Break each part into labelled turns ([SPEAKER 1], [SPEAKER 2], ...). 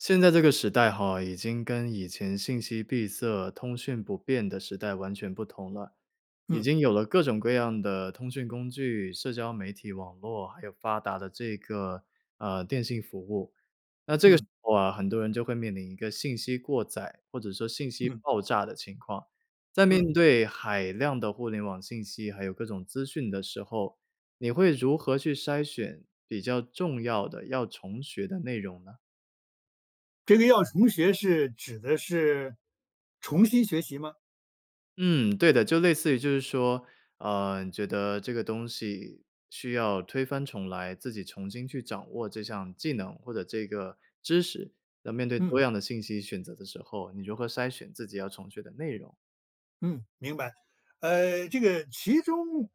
[SPEAKER 1] 现在这个时代哈，已经跟以前信息闭塞、通讯不便的时代完全不同了，已
[SPEAKER 2] 嗯。
[SPEAKER 1] 经有了各种各样的通讯工具、社交媒体网络，还有发达的这个，呃，电信服务。那这个时
[SPEAKER 2] 嗯。
[SPEAKER 1] 候啊，很多人就会面临一个信息过载或者说信息
[SPEAKER 2] 嗯。
[SPEAKER 1] 爆炸的情况，在
[SPEAKER 2] 嗯。
[SPEAKER 1] 面对海量的互联网信息，还有各种资讯的时候，你会如何去筛选比较重要的要重学的内容呢？
[SPEAKER 2] 这个要重学是指的是重新学习吗？
[SPEAKER 1] 嗯，对的。就类似于就是说，呃，你觉得这个东西需要推翻重来，自己重新去掌握这项技能或者这个知识。那面对
[SPEAKER 2] 嗯。
[SPEAKER 1] 多样的信息选择的时候，你如何筛选自己要重学的内容。
[SPEAKER 2] 嗯，明白。呃，这个其中，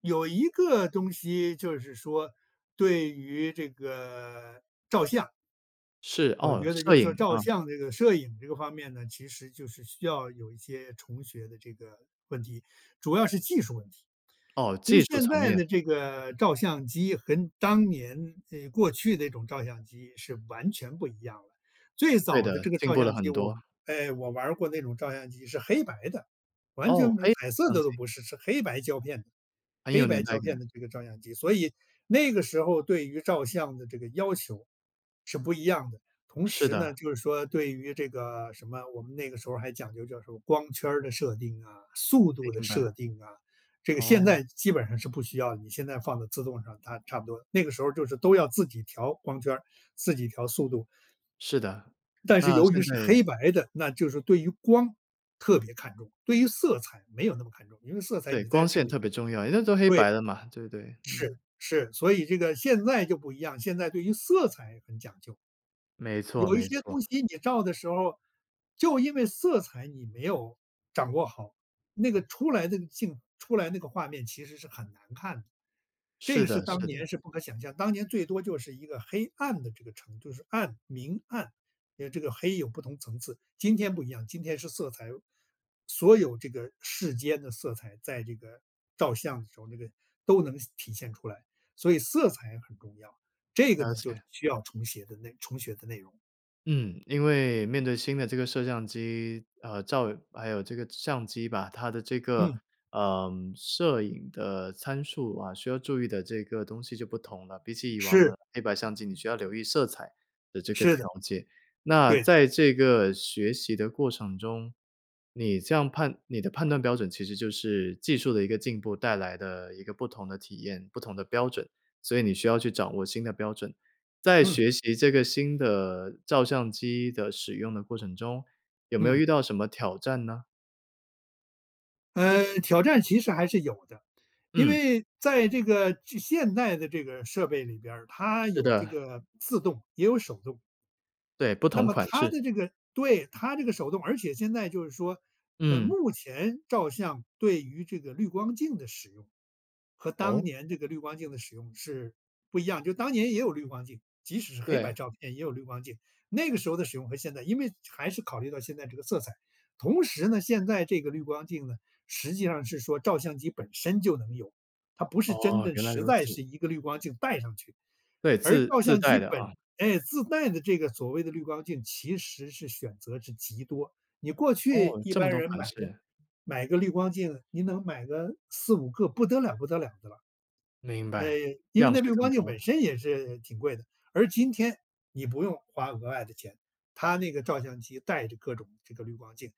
[SPEAKER 2] 有一个东西，就是说，对于这个照相。
[SPEAKER 1] 是，
[SPEAKER 2] 我
[SPEAKER 1] 哦，
[SPEAKER 2] 觉得
[SPEAKER 1] 摄
[SPEAKER 2] 就是
[SPEAKER 1] 影，
[SPEAKER 2] 说照
[SPEAKER 1] 嗯。
[SPEAKER 2] 相这个摄影这个方面呢，其实就是需要有一些重学的这个问题，主要是技术问题。
[SPEAKER 1] 哦，
[SPEAKER 2] 因为
[SPEAKER 1] 技术
[SPEAKER 2] 现
[SPEAKER 1] 层
[SPEAKER 2] 在
[SPEAKER 1] 面。
[SPEAKER 2] 的这个照相机，跟当年哎，过去那种照相机是完全不一样了。最
[SPEAKER 1] 对
[SPEAKER 2] 早的
[SPEAKER 1] 的，
[SPEAKER 2] 这个
[SPEAKER 1] 进
[SPEAKER 2] 照
[SPEAKER 1] 步了
[SPEAKER 2] 相机，
[SPEAKER 1] 很
[SPEAKER 2] 我
[SPEAKER 1] 多。
[SPEAKER 2] 哎，我玩儿过那种照相机是黑白的，完
[SPEAKER 1] 哦，
[SPEAKER 2] 全没有
[SPEAKER 1] 诶，
[SPEAKER 2] 彩色
[SPEAKER 1] 相
[SPEAKER 2] 的都
[SPEAKER 1] 机。
[SPEAKER 2] 不是，是黑白胶片的，
[SPEAKER 1] 很有
[SPEAKER 2] 黑白
[SPEAKER 1] 年代
[SPEAKER 2] 胶片
[SPEAKER 1] 感。
[SPEAKER 2] 的这个照相机。所以，那个时候儿对于照相的这个要求，是不一样的。同
[SPEAKER 1] 是
[SPEAKER 2] 时呢，
[SPEAKER 1] 的。
[SPEAKER 2] 就是说对于这个什么，我们那个时候儿还讲究就是说，光圈儿的设定啊，速度的
[SPEAKER 1] 明白。
[SPEAKER 2] 设定啊，这个现
[SPEAKER 1] 哦。
[SPEAKER 2] 在基本上是不需要，你现在放到自动上，它差不多那个时候儿就是都要自己调光圈儿，自己调速度。
[SPEAKER 1] 是的，
[SPEAKER 2] 但是
[SPEAKER 1] 那
[SPEAKER 2] 由于
[SPEAKER 1] 现
[SPEAKER 2] 是
[SPEAKER 1] 在
[SPEAKER 2] 黑白的，那就是对于光，特别看重，对于色彩没有那么看重，因为色彩
[SPEAKER 1] 对，
[SPEAKER 2] 你
[SPEAKER 1] 光
[SPEAKER 2] 在这个
[SPEAKER 1] 线
[SPEAKER 2] 里
[SPEAKER 1] 特
[SPEAKER 2] 面
[SPEAKER 1] 别重要，诶，那都黑
[SPEAKER 2] 对，
[SPEAKER 1] 白的嘛，对不对？
[SPEAKER 2] 是，
[SPEAKER 1] 嗯。
[SPEAKER 2] 是，所以这个现在就不一样，现在对于色彩很讲究。
[SPEAKER 1] 没错
[SPEAKER 2] 有一
[SPEAKER 1] 没
[SPEAKER 2] 些东
[SPEAKER 1] 错。
[SPEAKER 2] 西你照的时候，就因为色彩你没有掌握好，那个出来那个镜出来那个画面其实是很难看的，这
[SPEAKER 1] 是
[SPEAKER 2] 个是
[SPEAKER 1] 的是
[SPEAKER 2] 当
[SPEAKER 1] 的。
[SPEAKER 2] 年是不可想象。当年最多就是一个黑暗的这个程就是暗明暗，哎呀，这个黑有不同层次。今天不一样，今天是色彩。所有这个世间的色彩，在这个照相的时候儿那个，都能现体现出来，所以色彩很重要，这个
[SPEAKER 1] 了
[SPEAKER 2] 呢就
[SPEAKER 1] 解。
[SPEAKER 2] 是需要重写的内重学的内容。
[SPEAKER 1] 嗯，因为面对新的这个摄像机呃，照还有这个相机吧，它的这个，
[SPEAKER 2] 嗯。
[SPEAKER 1] 呃，摄影的参数啊，需要注意的这个东西就不同了，比起以往
[SPEAKER 2] 是。
[SPEAKER 1] 的黑白相机你需要留意色彩的这个
[SPEAKER 2] 是
[SPEAKER 1] 条
[SPEAKER 2] 的。
[SPEAKER 1] 件。那
[SPEAKER 2] 对。
[SPEAKER 1] 在这个学习的过程中，你这样判你的判断标准其实就是，技术的一个进步带来的一个不同的体验、不同的标准，所以你需要去掌握新的标准。在
[SPEAKER 2] 嗯。
[SPEAKER 1] 学习这个新的照相机的使用的过程中，有没有
[SPEAKER 2] 嗯。
[SPEAKER 1] 遇到什么挑战呢？
[SPEAKER 2] 嗯，挑战其实还是有的，因
[SPEAKER 1] 嗯。
[SPEAKER 2] 为在这个这现代的这个设备里边儿，它
[SPEAKER 1] 是
[SPEAKER 2] 有这
[SPEAKER 1] 的。
[SPEAKER 2] 个自动也有手动。
[SPEAKER 1] 对，不
[SPEAKER 2] 那
[SPEAKER 1] 同
[SPEAKER 2] 么
[SPEAKER 1] 款
[SPEAKER 2] 它
[SPEAKER 1] 式。
[SPEAKER 2] 的这个对，它这个手动而且现在就是说，呃，
[SPEAKER 1] 嗯。
[SPEAKER 2] 目前照相对于这个滤光镜的使用和当
[SPEAKER 1] 哦？
[SPEAKER 2] 年这个滤光镜的使用是不一样。就当年也有滤光镜，即使是黑白
[SPEAKER 1] 对。
[SPEAKER 2] 照片也有滤光镜，那个时候的使用和现在因为还是考虑到现在这个色彩。同时呢，现在这个滤光镜呢，实际上是说照相机本身就能有，它不是真
[SPEAKER 1] 哦，
[SPEAKER 2] 的
[SPEAKER 1] 原来
[SPEAKER 2] 实
[SPEAKER 1] 如
[SPEAKER 2] 在
[SPEAKER 1] 此。
[SPEAKER 2] 是一个滤光镜戴上去。
[SPEAKER 1] 对，
[SPEAKER 2] 而
[SPEAKER 1] 自
[SPEAKER 2] 照
[SPEAKER 1] 自
[SPEAKER 2] 相
[SPEAKER 1] 带
[SPEAKER 2] 机
[SPEAKER 1] 的
[SPEAKER 2] 本
[SPEAKER 1] 啊。
[SPEAKER 2] 哎，自带的这个所谓的滤光镜其实是选择是极多。你过去
[SPEAKER 1] 哦，
[SPEAKER 2] 一
[SPEAKER 1] 这么
[SPEAKER 2] 般
[SPEAKER 1] 多
[SPEAKER 2] 人
[SPEAKER 1] 款
[SPEAKER 2] 买个
[SPEAKER 1] 式。
[SPEAKER 2] 买个滤光镜，您能买个4-5个不得了不得了的了。
[SPEAKER 1] 明
[SPEAKER 2] 呃，
[SPEAKER 1] 白，
[SPEAKER 2] 因为
[SPEAKER 1] 样
[SPEAKER 2] 那
[SPEAKER 1] 式
[SPEAKER 2] 滤
[SPEAKER 1] 更
[SPEAKER 2] 光镜
[SPEAKER 1] 多
[SPEAKER 2] 本
[SPEAKER 1] 了。
[SPEAKER 2] 身也是挺贵的。而今天，你不用花额外的钱，它那个照相机带着各种这个滤光镜。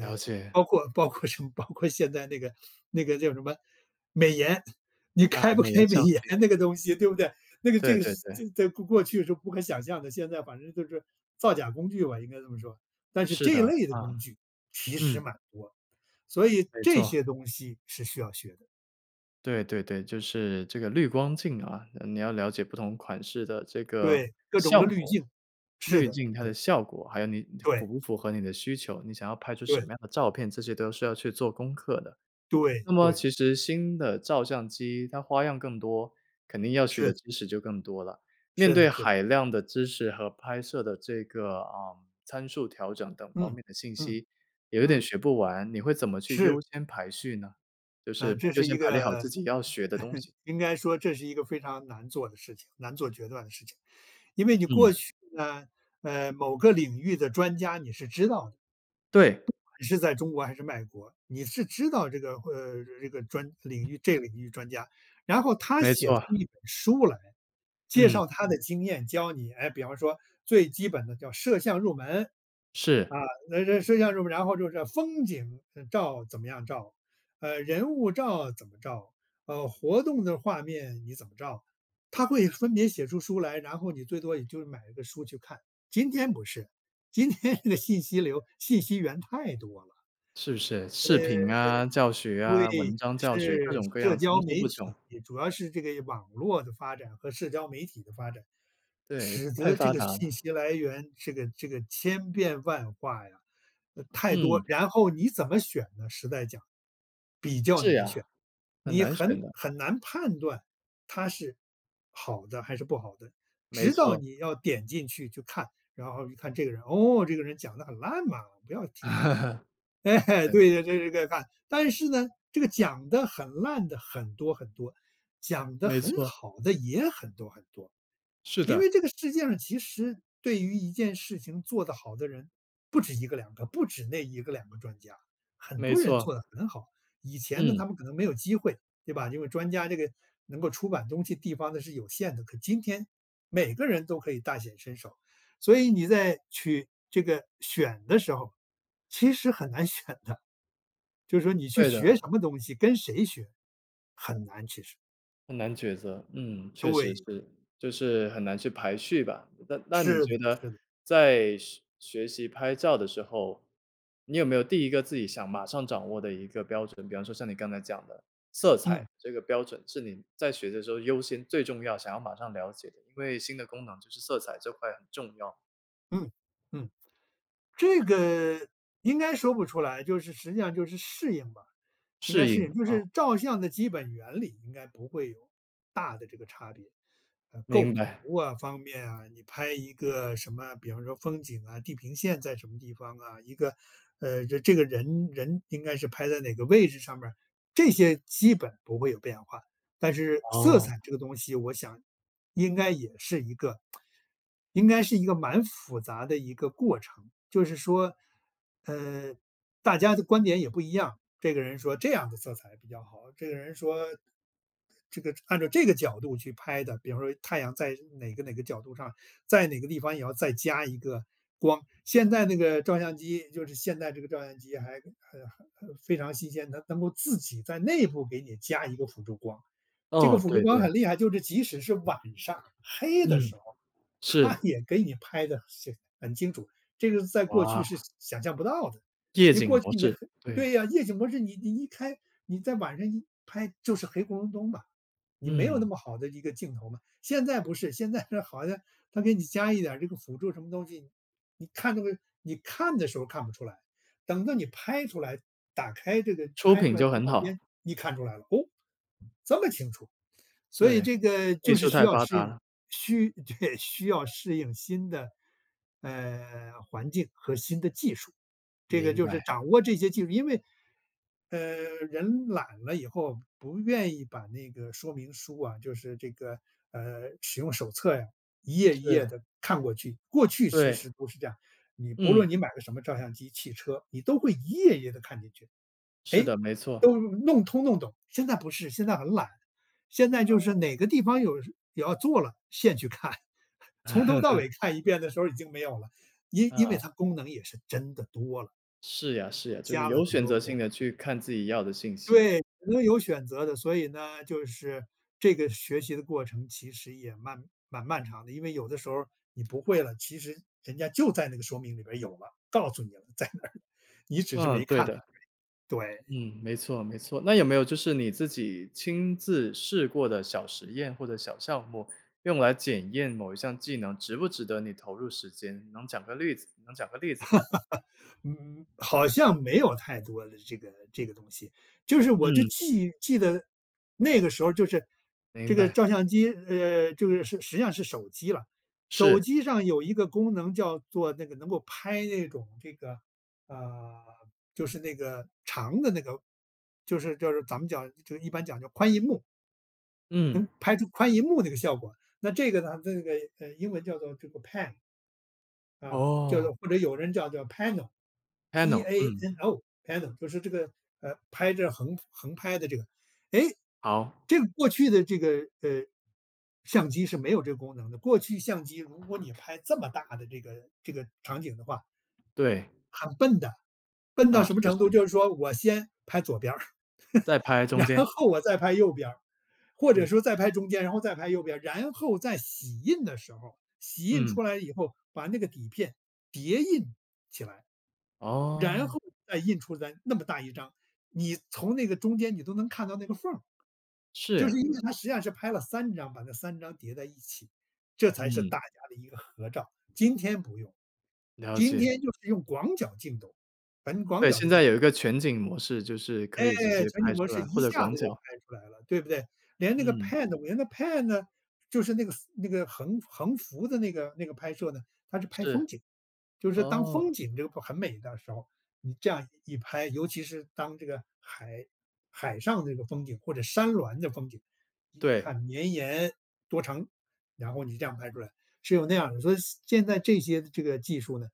[SPEAKER 1] 了解。
[SPEAKER 2] 包括包括什么包括现在那个那个叫什么？美颜，你
[SPEAKER 1] 啊，
[SPEAKER 2] 开不
[SPEAKER 1] 美颜
[SPEAKER 2] 开美
[SPEAKER 1] 相
[SPEAKER 2] 颜那
[SPEAKER 1] 机。
[SPEAKER 2] 个东西对不对？那个
[SPEAKER 1] 对
[SPEAKER 2] 这个
[SPEAKER 1] 对
[SPEAKER 2] 是在
[SPEAKER 1] 对。
[SPEAKER 2] 在过过去是不可想象的，现在反正就是造假工具吧，应该这么说。但是
[SPEAKER 1] 是
[SPEAKER 2] 这一
[SPEAKER 1] 的，
[SPEAKER 2] 类的
[SPEAKER 1] 啊，
[SPEAKER 2] 工具其实
[SPEAKER 1] 嗯。
[SPEAKER 2] 蛮多，所以
[SPEAKER 1] 没
[SPEAKER 2] 这
[SPEAKER 1] 错。
[SPEAKER 2] 些东西是需要学的。
[SPEAKER 1] 对对对，就是这个滤光镜啊，你要了解不同款式的这个
[SPEAKER 2] 对，各种
[SPEAKER 1] 效
[SPEAKER 2] 的滤
[SPEAKER 1] 果
[SPEAKER 2] 镜，是
[SPEAKER 1] 滤
[SPEAKER 2] 的
[SPEAKER 1] 镜它
[SPEAKER 2] 是
[SPEAKER 1] 的
[SPEAKER 2] 的。
[SPEAKER 1] 效果。还有你符
[SPEAKER 2] 对。
[SPEAKER 1] 不符合你的需求，你想要拍出什么
[SPEAKER 2] 对。
[SPEAKER 1] 样的照片，这些都是要去做功课的。
[SPEAKER 2] 对
[SPEAKER 1] 那么
[SPEAKER 2] 对。
[SPEAKER 1] 其实新的照相机它花样更多，肯定要学
[SPEAKER 2] 是
[SPEAKER 1] 的
[SPEAKER 2] 的。
[SPEAKER 1] 知识就更多了。面
[SPEAKER 2] 是
[SPEAKER 1] 对
[SPEAKER 2] 的是的。
[SPEAKER 1] 海量的知识和拍摄的这个，呃，参数调整等方
[SPEAKER 2] 嗯，
[SPEAKER 1] 面的信
[SPEAKER 2] 嗯，
[SPEAKER 1] 息，也有点
[SPEAKER 2] 嗯。
[SPEAKER 1] 学不完。你会怎么去
[SPEAKER 2] 是。
[SPEAKER 1] 优先排序呢？就
[SPEAKER 2] 呃，
[SPEAKER 1] 是
[SPEAKER 2] 这
[SPEAKER 1] 优
[SPEAKER 2] 是
[SPEAKER 1] 先
[SPEAKER 2] 一
[SPEAKER 1] 排列好自
[SPEAKER 2] 个
[SPEAKER 1] 己要学的东 西。
[SPEAKER 2] 应该说这是一个非常难做的事情难做决断的事情。因为你过
[SPEAKER 1] 嗯。
[SPEAKER 2] 去呢，呃，某个领域的专家，你是知道的。不
[SPEAKER 1] 对。
[SPEAKER 2] 管是在中国还是外国，你是知道这个呃，这个专领域这个领域专家。然后他
[SPEAKER 1] 没
[SPEAKER 2] 写
[SPEAKER 1] 错。
[SPEAKER 2] 出一本书来，介
[SPEAKER 1] 嗯。
[SPEAKER 2] 绍他的经验教你，哎，比方说最基本的叫摄像入门。啊，
[SPEAKER 1] 是。
[SPEAKER 2] 那这摄像入门然后就是这风景照怎么样照，呃，人物照怎么照，呃，活动的画面你怎么照。他会分别写出书来，然后你最多也就买一个书去看。今天不是，今天的信息流、信息源太多了。
[SPEAKER 1] 是不是，
[SPEAKER 2] 呃，
[SPEAKER 1] 视频啊、教学啊、
[SPEAKER 2] 对，
[SPEAKER 1] 文章教学，各
[SPEAKER 2] 是，
[SPEAKER 1] 种各
[SPEAKER 2] 社
[SPEAKER 1] 样层
[SPEAKER 2] 交
[SPEAKER 1] 出
[SPEAKER 2] 媒
[SPEAKER 1] 不穷。
[SPEAKER 2] 体，主要是这个网络的发展和社交媒体的发展，
[SPEAKER 1] 对，
[SPEAKER 2] 使
[SPEAKER 1] 太
[SPEAKER 2] 得这
[SPEAKER 1] 发
[SPEAKER 2] 个
[SPEAKER 1] 达了。
[SPEAKER 2] 信息来源，这个这个千变万化呀，呃，太多。
[SPEAKER 1] 嗯。
[SPEAKER 2] 然后你怎么选呢？实在讲，比较
[SPEAKER 1] 是
[SPEAKER 2] 难选，
[SPEAKER 1] 呀，很
[SPEAKER 2] 你
[SPEAKER 1] 难
[SPEAKER 2] 很
[SPEAKER 1] 选的。
[SPEAKER 2] 很难判断它是好的还是不好的。
[SPEAKER 1] 没
[SPEAKER 2] 直到
[SPEAKER 1] 错。
[SPEAKER 2] 你要点进去去看，然后一看这个人，“哦，这个人讲的很烂嘛，不要听他的。” 哎，
[SPEAKER 1] 对。
[SPEAKER 2] 对这这这个看。但是呢，这个讲得很烂的很多很多，讲得
[SPEAKER 1] 没
[SPEAKER 2] 很
[SPEAKER 1] 错。
[SPEAKER 2] 好的也很多很多。
[SPEAKER 1] 是
[SPEAKER 2] 因
[SPEAKER 1] 的。
[SPEAKER 2] 为这个世界上其实对于一件事情做得好的人，不止1个2个，不止那1个2个专家，很
[SPEAKER 1] 没
[SPEAKER 2] 多人
[SPEAKER 1] 错。
[SPEAKER 2] 做得很好。以前呢，
[SPEAKER 1] 嗯。
[SPEAKER 2] 他们可能没有机会，对吧？因为专家这个，能够出版东西地方的是有限的。可今天，每个人都可以大显身手，所以你在去这个选的时候，其实很难选的。就是说你去
[SPEAKER 1] 对
[SPEAKER 2] 学
[SPEAKER 1] 的。
[SPEAKER 2] 什么东西、跟谁学，很难，其实。
[SPEAKER 1] 很难抉择，嗯，确实
[SPEAKER 2] 对。
[SPEAKER 1] 是，就是很难去排序吧。那那你
[SPEAKER 2] 是
[SPEAKER 1] 觉
[SPEAKER 2] 的
[SPEAKER 1] 得
[SPEAKER 2] 是的。
[SPEAKER 1] 在学学习拍照的时候，你有没有第一个自己想马上掌握的一个标准？比方说像你刚才讲的，色彩，
[SPEAKER 2] 嗯。
[SPEAKER 1] 这个标准是你在学的时候优先最重要想要马上了解的，因为新的功能就是色彩这块很重要。
[SPEAKER 2] 嗯。嗯。这个，应该说不出来，就是，实际上就是适应吧，应
[SPEAKER 1] 适
[SPEAKER 2] 该适
[SPEAKER 1] 应，
[SPEAKER 2] 应。就
[SPEAKER 1] 啊。
[SPEAKER 2] 是照相的基本原理，应该不会有大的这个差别，呃，构
[SPEAKER 1] 明白。
[SPEAKER 2] 图啊，方面啊，你拍一个什么？比方说风景啊，地平线在什么地方啊，一个，呃，这这个人人应该是拍在哪个位置上面儿，这些基本不会有变化。但是色
[SPEAKER 1] 哦。
[SPEAKER 2] 彩这个东西我想，应该也是一个 应该是一个蛮复杂的一个过程，就是说，呃，大家的观点也不一样，这个人说这样的色彩比较好，这个人说这个按照这个角度去拍的比方说太阳在哪个哪个角度上，在哪个地方也要再加一个光。现在那个照相机就是现代这个照相机还，呃呃，非常新鲜，它能够自己在内部给你加一个辅助光。这个
[SPEAKER 1] 哦，
[SPEAKER 2] 辅助
[SPEAKER 1] 对
[SPEAKER 2] 光
[SPEAKER 1] 对。
[SPEAKER 2] 很厉害，就是即使是晚上黑的
[SPEAKER 1] 嗯，
[SPEAKER 2] 时候，它
[SPEAKER 1] 是。
[SPEAKER 2] 也给你拍得是很清楚，这个是在过去是
[SPEAKER 1] 哇。
[SPEAKER 2] 想象不到的，
[SPEAKER 1] 夜
[SPEAKER 2] 你
[SPEAKER 1] 景
[SPEAKER 2] 过去
[SPEAKER 1] 模
[SPEAKER 2] 你黑
[SPEAKER 1] 式，对。
[SPEAKER 2] 对呀，夜景模式你你一开，你在晚上一拍就是黑咕隆咚嘛，你没有那
[SPEAKER 1] 嗯。
[SPEAKER 2] 么好的一个镜头嘛。现在不是，现在是好像它给你加一点儿这个辅助什么东西，你看这个你看的时候儿看不出来，等到你拍出来打开这个
[SPEAKER 1] 出
[SPEAKER 2] 拍出
[SPEAKER 1] 品
[SPEAKER 2] 来的
[SPEAKER 1] 就很
[SPEAKER 2] 照
[SPEAKER 1] 好。
[SPEAKER 2] 片，你看出来了，哦，这么清楚，所以
[SPEAKER 1] 对，
[SPEAKER 2] 这个
[SPEAKER 1] 技
[SPEAKER 2] 就是
[SPEAKER 1] 术
[SPEAKER 2] 需
[SPEAKER 1] 太
[SPEAKER 2] 要
[SPEAKER 1] 发
[SPEAKER 2] 适
[SPEAKER 1] 达
[SPEAKER 2] 应，
[SPEAKER 1] 了。
[SPEAKER 2] 需对，需要适应新的，呃，环境和新的技术。这个
[SPEAKER 1] 明
[SPEAKER 2] 就是
[SPEAKER 1] 白。
[SPEAKER 2] 掌握这些技术因为，呃，人懒了以后不愿意把那个说明书啊就是这个，呃，使用手册呀，一页一页
[SPEAKER 1] 是。
[SPEAKER 2] 地看过去，过去其
[SPEAKER 1] 对。
[SPEAKER 2] 实不是这样，你不
[SPEAKER 1] 嗯。
[SPEAKER 2] 论你买的什么照相机、汽车，你都会一页一页地看进去，
[SPEAKER 1] 是
[SPEAKER 2] 诶，
[SPEAKER 1] 的，没错。
[SPEAKER 2] 都弄通弄懂。现在不是，现在很懒，现在就是
[SPEAKER 1] 哦。
[SPEAKER 2] 哪个地方有是有要做了，现去看，从头到 尾看一遍的时候已经没有了，因因为
[SPEAKER 1] 啊。
[SPEAKER 2] 它功能也是真的多了。
[SPEAKER 1] 是呀是呀，就是
[SPEAKER 2] 加了
[SPEAKER 1] 有
[SPEAKER 2] 很
[SPEAKER 1] 选
[SPEAKER 2] 多
[SPEAKER 1] 择性
[SPEAKER 2] 工。
[SPEAKER 1] 地去看自己要的信息。
[SPEAKER 2] 对，所有选择的，所以呢，就是，这个学习的过程其实也漫蛮漫长的。因为有的时候儿，你不会了，其实人家就在那个说明里边有了，告诉你了，在那儿，你只是
[SPEAKER 1] 嗯，
[SPEAKER 2] 没
[SPEAKER 1] 对
[SPEAKER 2] 看到，
[SPEAKER 1] 的。
[SPEAKER 2] 对。
[SPEAKER 1] 嗯，没错没错，那有没有就是你自己亲自试过的小实验或者小项目，用来检验某一项技能，值不值得你投入时间。能讲个例子能讲个例子吗？
[SPEAKER 2] 嗯，好像没有太多的这个这个东西，就是我就
[SPEAKER 1] 嗯。
[SPEAKER 2] 记记得那个时候就是，
[SPEAKER 1] 明
[SPEAKER 2] 这个
[SPEAKER 1] 白。
[SPEAKER 2] 照相机呃，这个，是实际上是手机啦，手
[SPEAKER 1] 是。
[SPEAKER 2] 机上有一个功能叫做那个能够拍那种这个，啊，就是那个长的那个，就是就是咱们讲就一般讲叫宽荧幕。
[SPEAKER 1] 嗯。
[SPEAKER 2] 能拍出宽荧幕这个效果，那这个呢，这个，呃，英文叫做这个 PAN。啊，叫
[SPEAKER 1] 哦。
[SPEAKER 2] 做或者有人叫做 PANO，
[SPEAKER 1] panel，嗯。
[SPEAKER 2] P-A-N-O，PANO 就是这个，呃，拍着横横拍的这个。诶，
[SPEAKER 1] 好。
[SPEAKER 2] 这个过去的这个，呃，相机是没有这个功能的，过去相机如果你拍这么大的这个这个场景的话
[SPEAKER 1] 对。
[SPEAKER 2] 很笨的。笨到
[SPEAKER 1] 啊，
[SPEAKER 2] 什么
[SPEAKER 1] 是
[SPEAKER 2] 程度，
[SPEAKER 1] 是。
[SPEAKER 2] 就是说我先拍左边儿，
[SPEAKER 1] 再拍中间。
[SPEAKER 2] 然后我再拍右边儿，或者
[SPEAKER 1] 嗯。
[SPEAKER 2] 说再拍中间，然后再拍右边。然后在洗印的时候，洗印
[SPEAKER 1] 嗯。
[SPEAKER 2] 出来以后，把那个底片叠印起来，然
[SPEAKER 1] 哦。
[SPEAKER 2] 后再印出来那么大一张，你从那个中间你都能看到那个缝儿，
[SPEAKER 1] 是
[SPEAKER 2] 就是
[SPEAKER 1] 呀。
[SPEAKER 2] 因为它实际上是拍了3张，把这3张叠在一起，这才是大
[SPEAKER 1] 嗯。
[SPEAKER 2] 家的一个合照。今天不用，
[SPEAKER 1] 了
[SPEAKER 2] 今
[SPEAKER 1] 解。
[SPEAKER 2] 天就是用广角镜头很广
[SPEAKER 1] 对，
[SPEAKER 2] 角
[SPEAKER 1] 现
[SPEAKER 2] 的镜
[SPEAKER 1] 在有一个全景模式，就是可
[SPEAKER 2] 诶，
[SPEAKER 1] 以直接
[SPEAKER 2] 全
[SPEAKER 1] 拍
[SPEAKER 2] 景模
[SPEAKER 1] 出
[SPEAKER 2] 式
[SPEAKER 1] 来，或
[SPEAKER 2] 一
[SPEAKER 1] 者
[SPEAKER 2] 下
[SPEAKER 1] 广
[SPEAKER 2] 子就
[SPEAKER 1] 角。
[SPEAKER 2] 拍出来了，对不对？连那个
[SPEAKER 1] 嗯。
[SPEAKER 2] PANO 连那个 PAN 呢，就是那个那个横横幅的那个那个拍摄呢，它是拍风
[SPEAKER 1] 是，
[SPEAKER 2] 景。就是当
[SPEAKER 1] 哦。
[SPEAKER 2] 风景这个很美的时候，你这样一拍。尤其是当这个海海上这个风景或者山峦的风景，一
[SPEAKER 1] 对。
[SPEAKER 2] 看绵延，多长，然后你这样拍出来，是有那样的。所以现在这些这个技术呢，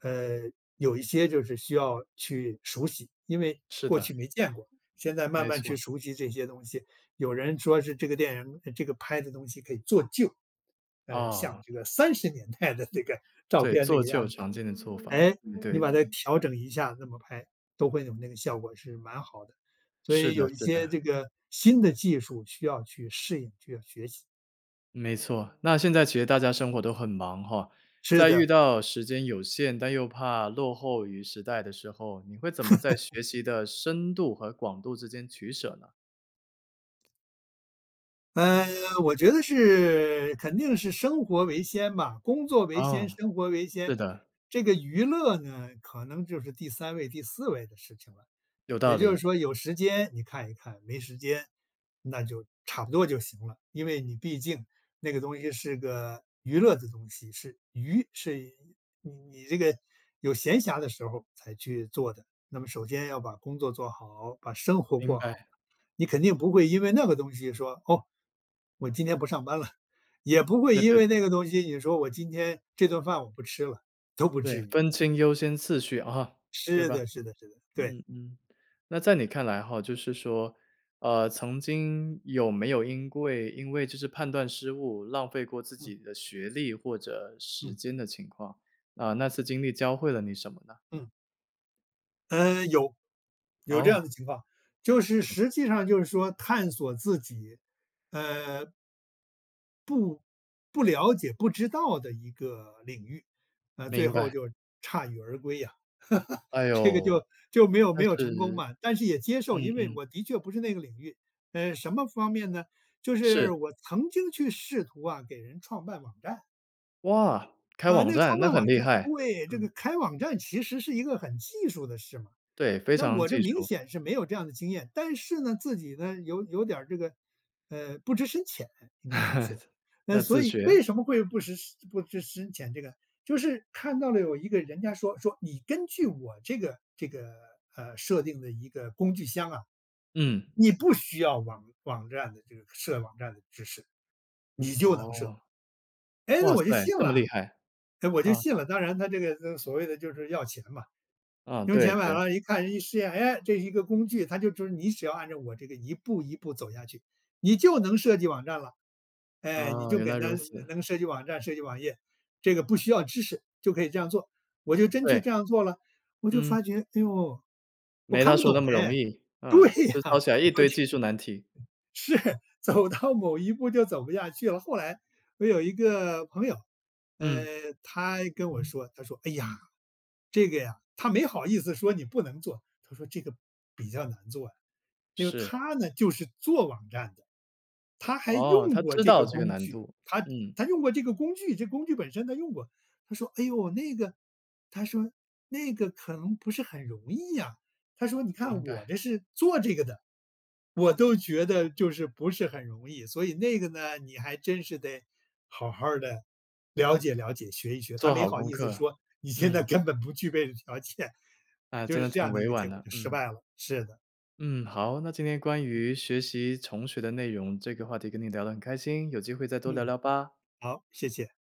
[SPEAKER 2] 呃，有一些就是需要去熟悉，因为
[SPEAKER 1] 是
[SPEAKER 2] 过去
[SPEAKER 1] 的。
[SPEAKER 2] 没见过，现在慢
[SPEAKER 1] 没
[SPEAKER 2] 慢去
[SPEAKER 1] 错。
[SPEAKER 2] 熟悉这些东西。有人说是这个电影这个拍的东西可以做旧，呃，像
[SPEAKER 1] 哦。
[SPEAKER 2] 这个30年代的这个照
[SPEAKER 1] 对，
[SPEAKER 2] 片，这
[SPEAKER 1] 做
[SPEAKER 2] 个
[SPEAKER 1] 旧，
[SPEAKER 2] 样子，
[SPEAKER 1] 常见的做法，
[SPEAKER 2] 哎，你
[SPEAKER 1] 对对。
[SPEAKER 2] 把它调整一下那么拍，都会有那个效果，是蛮好的。所
[SPEAKER 1] 是
[SPEAKER 2] 以
[SPEAKER 1] 的
[SPEAKER 2] 有一
[SPEAKER 1] 是
[SPEAKER 2] 些
[SPEAKER 1] 的。
[SPEAKER 2] 这个新的技术，需要去适应，需要学习。
[SPEAKER 1] 没错，那现在其实大家生活都很忙吼，
[SPEAKER 2] 是
[SPEAKER 1] 在
[SPEAKER 2] 的。
[SPEAKER 1] 遇到时间有限，但又怕落后于时代的时候，你会怎么在 学习的深度和广度之间取舍呢？
[SPEAKER 2] 嗯，我觉得是肯定是生活为先吧，工作为
[SPEAKER 1] 哦。
[SPEAKER 2] 先，生活为先。
[SPEAKER 1] 对的。
[SPEAKER 2] 这个娱乐呢，可能就是第3位第4位的事情了，
[SPEAKER 1] 有道
[SPEAKER 2] 也就
[SPEAKER 1] 理。
[SPEAKER 2] 是说有时间你看一看，没时间，那就差不多就行了。因为你毕竟那个东西是个娱乐的东西，是娱是你你这个有闲暇的时候儿才去做的。那么首先要把工作做好，把生活
[SPEAKER 1] 明
[SPEAKER 2] 过
[SPEAKER 1] 白。
[SPEAKER 2] 好。你肯定不会因为那个东西说，哦，我今天不上班了。也不会
[SPEAKER 1] 对
[SPEAKER 2] 因
[SPEAKER 1] 对
[SPEAKER 2] 为
[SPEAKER 1] 对。
[SPEAKER 2] 那个东西，你说我今天这顿饭我不吃了，都不
[SPEAKER 1] 对，
[SPEAKER 2] 至于。
[SPEAKER 1] 分清优先次序啊，对
[SPEAKER 2] 是
[SPEAKER 1] 吧？
[SPEAKER 2] 的，是的是的，对。
[SPEAKER 1] 嗯嗯，那在你看来吼，就是说，呃，曾经有没有因桂因为就是判断失误，浪费过自
[SPEAKER 2] 嗯。
[SPEAKER 1] 己的学历或者时
[SPEAKER 2] 嗯。
[SPEAKER 1] 间的情况？啊，那次经历教会了你什么呢？
[SPEAKER 2] 嗯。嗯，有有这
[SPEAKER 1] 哦。
[SPEAKER 2] 样的情况，就是
[SPEAKER 1] 嗯。
[SPEAKER 2] 实际上就是说探索自己，呃，不不了解不知道的一个领域，啊，最
[SPEAKER 1] 明
[SPEAKER 2] 后
[SPEAKER 1] 白。
[SPEAKER 2] 就铩羽而归啊。
[SPEAKER 1] 哎
[SPEAKER 2] 这个
[SPEAKER 1] 呦，
[SPEAKER 2] 就就没有
[SPEAKER 1] 那
[SPEAKER 2] 没有成功
[SPEAKER 1] 是，
[SPEAKER 2] 嘛，但是也接
[SPEAKER 1] 嗯
[SPEAKER 2] 受，因为
[SPEAKER 1] 嗯。
[SPEAKER 2] 我的确不是那个领域。呃，什么方面呢？就
[SPEAKER 1] 是。
[SPEAKER 2] 是我曾经去试图啊，给人创办网站。
[SPEAKER 1] 哇，开
[SPEAKER 2] 啊，
[SPEAKER 1] 网
[SPEAKER 2] 那个
[SPEAKER 1] 站，
[SPEAKER 2] 创
[SPEAKER 1] 那
[SPEAKER 2] 办
[SPEAKER 1] 很
[SPEAKER 2] 网
[SPEAKER 1] 厉
[SPEAKER 2] 站
[SPEAKER 1] 害，
[SPEAKER 2] 对，这
[SPEAKER 1] 嗯。
[SPEAKER 2] 个开网站其实是一个很技术的事嘛，
[SPEAKER 1] 对，非
[SPEAKER 2] 那
[SPEAKER 1] 常
[SPEAKER 2] 我这
[SPEAKER 1] 技
[SPEAKER 2] 明
[SPEAKER 1] 术。
[SPEAKER 2] 显是没有这样的经验，但是呢，自己呢有有点儿这个，呃，不知深浅应该这么说。那，
[SPEAKER 1] 要
[SPEAKER 2] 所
[SPEAKER 1] 自
[SPEAKER 2] 以为
[SPEAKER 1] 学。
[SPEAKER 2] 什么会不知不知深浅，这个就是看到了有一个人家说说你根据我这个这个，呃，设定的一个工具箱啊，
[SPEAKER 1] 嗯。
[SPEAKER 2] 你不需要网网站的这个设网站的知识，你就
[SPEAKER 1] 哦。
[SPEAKER 2] 能设。唉，
[SPEAKER 1] 哇
[SPEAKER 2] 那我就
[SPEAKER 1] 塞，
[SPEAKER 2] 信
[SPEAKER 1] 这
[SPEAKER 2] 了
[SPEAKER 1] 么厉害。
[SPEAKER 2] 哎，我就
[SPEAKER 1] 啊。
[SPEAKER 2] 信了，当然他这个所谓的就是要钱嘛，
[SPEAKER 1] 啊，
[SPEAKER 2] 用
[SPEAKER 1] 对
[SPEAKER 2] 钱买
[SPEAKER 1] 对。
[SPEAKER 2] 了一看一试验，唉，这一个工具，他就说你只要按照我这个一步一步走下去，你就能设计网站了。唉，你
[SPEAKER 1] 啊，
[SPEAKER 2] 就
[SPEAKER 1] 原
[SPEAKER 2] 给
[SPEAKER 1] 来如
[SPEAKER 2] 他
[SPEAKER 1] 此。
[SPEAKER 2] 能设计网站、设计网页，这个不需要知识就可以这样做，我就真去
[SPEAKER 1] 对。
[SPEAKER 2] 这样做了，我就
[SPEAKER 1] 嗯。
[SPEAKER 2] 发觉，哎呦，我
[SPEAKER 1] 没
[SPEAKER 2] 看
[SPEAKER 1] 他
[SPEAKER 2] 不
[SPEAKER 1] 说那
[SPEAKER 2] 懂
[SPEAKER 1] 么容
[SPEAKER 2] 唉，
[SPEAKER 1] 易，啊，
[SPEAKER 2] 对呀，
[SPEAKER 1] 就
[SPEAKER 2] 我
[SPEAKER 1] [unintelligible] 一堆技术难题。
[SPEAKER 2] 就是。走到某一步就走不下去了，后来，我有一个朋友，
[SPEAKER 1] 嗯。
[SPEAKER 2] 嗯，他跟我说他说：“哎呀，这个呀”他没好意思说你不能做，他说这个比较难做啊，因为
[SPEAKER 1] 是。
[SPEAKER 2] 他呢就是做网站的，他还
[SPEAKER 1] 哦，
[SPEAKER 2] 用
[SPEAKER 1] 他
[SPEAKER 2] 过
[SPEAKER 1] 知
[SPEAKER 2] 这
[SPEAKER 1] 道
[SPEAKER 2] 个
[SPEAKER 1] 这个
[SPEAKER 2] 工
[SPEAKER 1] 难
[SPEAKER 2] 具，
[SPEAKER 1] 度，
[SPEAKER 2] 他
[SPEAKER 1] 嗯。
[SPEAKER 2] 他用过这个工具这工具本身他用过。他说：“唉呦，那个”他说，“那个可能不是很容易啊”，他说，“你
[SPEAKER 1] 不应
[SPEAKER 2] 看我
[SPEAKER 1] 该。
[SPEAKER 2] 这是做这个的，我都觉得就是不是很容易，所以那个呢，你还真是得好好的了解了解，学一学。”他
[SPEAKER 1] 做
[SPEAKER 2] 没
[SPEAKER 1] 好
[SPEAKER 2] 好
[SPEAKER 1] 功
[SPEAKER 2] 意思
[SPEAKER 1] 课，
[SPEAKER 2] 说：“你现在
[SPEAKER 1] 嗯。
[SPEAKER 2] 根本不具备条件。”
[SPEAKER 1] 哎，
[SPEAKER 2] 就
[SPEAKER 1] 真
[SPEAKER 2] 是
[SPEAKER 1] 的
[SPEAKER 2] 这
[SPEAKER 1] 挺
[SPEAKER 2] 样的一
[SPEAKER 1] 委
[SPEAKER 2] 个
[SPEAKER 1] 婉
[SPEAKER 2] 结果，
[SPEAKER 1] 的，
[SPEAKER 2] 就失
[SPEAKER 1] 嗯。
[SPEAKER 2] 败了，是的。
[SPEAKER 1] 嗯，好，那今天关
[SPEAKER 2] 嗯。
[SPEAKER 1] 于学习重学的内容，这个话题跟你聊得很开心，有机会再多聊
[SPEAKER 2] 嗯。
[SPEAKER 1] 聊吧。
[SPEAKER 2] 好，谢谢。